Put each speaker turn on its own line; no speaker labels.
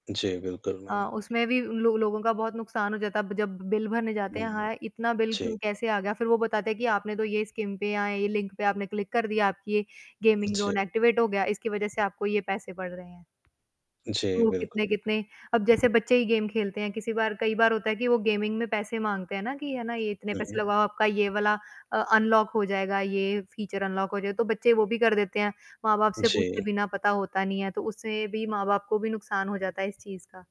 जी, बिल्कुल,
अ,
मैम।
उसमें भी लो लोगों का बहुत नुकसान हो जाता। आप जब बिल भरने जाते हैं,
हुँ।
हाँ, इतना बिल क्यों
जी।
कैसे आ गया? फिर वो बताते हैं कि, आपने तो ये स्कीम पे या ये लिंक पे आपने क्लिक कर दिया, आपकी ये गेमिंग
जी।
ज़ोन एक्टिवेट हो गया, इसकी वज़ह से आपको ये पैसे पड़ रहे हैं।
जी,
तो
बिल्कुल।
कितने-कितने अब जैसे बच्चे ही गेम खेलते हैं, किसी बार कई बार होता है कि वो गेमिंग में पैसे माँगते हैं ना, कि है ना, ये इतने
हुँ,
पैसे
हुँ।
लगाओ, आपका ये वाला अ, अनलॉक हो जाएगा, ये फ़ीचर अनलॉक हो जाए। तो बच्चे वो भी कर देते हैं, माँ-बाप से पूछे
जी।
बिना। पता होता नहीं है, तो उससे भी माँ-बाप को भी नुकसान हो जाता है, इस चीज़ का।